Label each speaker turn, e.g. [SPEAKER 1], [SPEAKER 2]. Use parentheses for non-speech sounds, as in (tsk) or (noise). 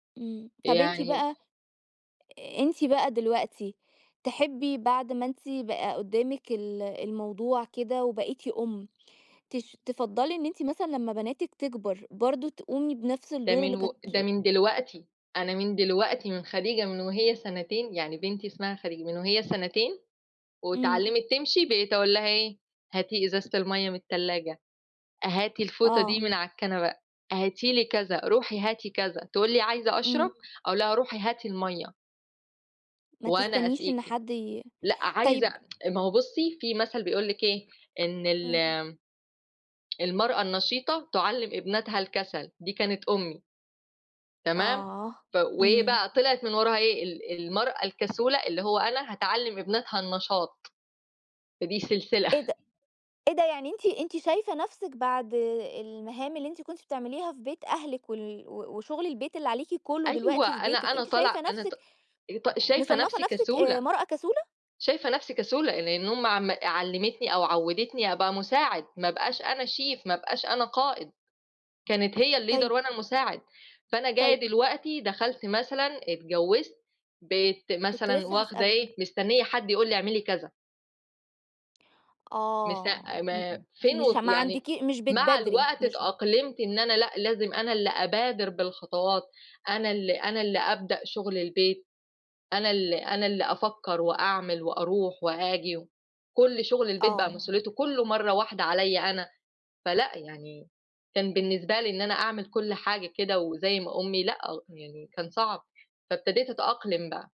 [SPEAKER 1] إمم طب أنتِ
[SPEAKER 2] يعني
[SPEAKER 1] بقى أنتَ بقى دلوقتي تحبّي بعد ما أنتِ بقى قدّامِك ال الموضوع كده وبقيتِ أُم، تش تفضَّلي إن أنتِ مثلًا لمّا بناتِك تكبر برضه تقومي بنفس
[SPEAKER 2] ده
[SPEAKER 1] الدور
[SPEAKER 2] من
[SPEAKER 1] اللي
[SPEAKER 2] و
[SPEAKER 1] كانت
[SPEAKER 2] ده من دلوقتي، أنا من دلوقتي من خديجة من وهي سنتين يعني بنتي اسمها خديجة، من وهي سنتين،
[SPEAKER 1] إمم.
[SPEAKER 2] واتعلمِت تمشي بقيت اقول لها إيه؟: "هاتي إزازة المَيَّة من التلاجة، هاتي الفوطة دي
[SPEAKER 1] آه.
[SPEAKER 2] من على الكنبة، هاتي لي كذا، روحي هاتي كذا،" تقول لي: "عايزة أشرب."
[SPEAKER 1] إمم.
[SPEAKER 2] أقول لها: "روحي هاتي المَيَّة"
[SPEAKER 1] ما
[SPEAKER 2] "وأنا
[SPEAKER 1] تستنيش إن
[SPEAKER 2] أسقيكِ"
[SPEAKER 1] حد ي
[SPEAKER 2] لأ عايزة
[SPEAKER 1] طيّب
[SPEAKER 2] (tsk) ما هو بُصّي في مَثل بيقول لِك إيه إن
[SPEAKER 1] إمم.
[SPEAKER 2] ال المرأة النشيطة تعلم ابنتها الكسل دي كانت أمي. تمام
[SPEAKER 1] آه
[SPEAKER 2] ف وإيه
[SPEAKER 1] إمم.
[SPEAKER 2] بقى طلعت من وراها إيه ال المرأة الكسولة اللي هو أنا هتعلم ابنتها النشاط. فدي سلسلة.
[SPEAKER 1] إيه ده! إيه ده يعني أنتِ أنتِ شايفة نفسِك بعد المهام اللي أنتِ كنتِ بتعمليها في بيت أهلِك وال و وشغل البيت اللي عليكِ كلّه
[SPEAKER 2] أيوَه
[SPEAKER 1] دلوقتي في
[SPEAKER 2] أنا
[SPEAKER 1] بيتِك
[SPEAKER 2] أنا
[SPEAKER 1] أنتِ شايفة
[SPEAKER 2] طالعة أنا ط
[SPEAKER 1] نفسِك
[SPEAKER 2] ط شايفة
[SPEAKER 1] مصنَّفة
[SPEAKER 2] نفسي
[SPEAKER 1] نفسِك آآ
[SPEAKER 2] كسولة.
[SPEAKER 1] مرأة كسولة؟
[SPEAKER 2] شايفة نفسي كسولة لأن أمي عم علمتني أو عودتني أبقى مساعد، ما ابقاش أنا شيف ما ابقاش أنا قائد، كانت هي الleader
[SPEAKER 1] طيّب
[SPEAKER 2] وأنا المساعد، فأنا جايّة
[SPEAKER 1] طيّب
[SPEAKER 2] دلوقتي دخلت مثلًا اتجوزت بَقيت
[SPEAKER 1] كنت
[SPEAKER 2] مثلًا
[SPEAKER 1] لسه
[SPEAKER 2] واخدة
[SPEAKER 1] هاسألِك.
[SPEAKER 2] إيه، مستنية حد يقول لي اعملي كذا. مست
[SPEAKER 1] آه
[SPEAKER 2] أ
[SPEAKER 1] م
[SPEAKER 2] ما فين
[SPEAKER 1] مش
[SPEAKER 2] و
[SPEAKER 1] ما
[SPEAKER 2] يعني
[SPEAKER 1] عندكِي مش
[SPEAKER 2] مع
[SPEAKER 1] بتبادري
[SPEAKER 2] الوقت
[SPEAKER 1] مش
[SPEAKER 2] اتأقلمت إن أنا لأ لازم أنا اللي أبادر بالخطوات، أنا اللي أنا اللي أبدأ شغل البيت، أنا اللي أنا اللي أفكّر وأعمل وأروح وآجي، و كل شغل البيت بقى
[SPEAKER 1] آه.
[SPEAKER 2] مسؤوليته كلّه مرّة واحدة عليَّا أنا، فلأ يعني كان بالنسبة لي إن أنا أعمل كل حاجة كده وزي ما أمي لأ يعني كان صعب فابتديت أتأقلم بقى.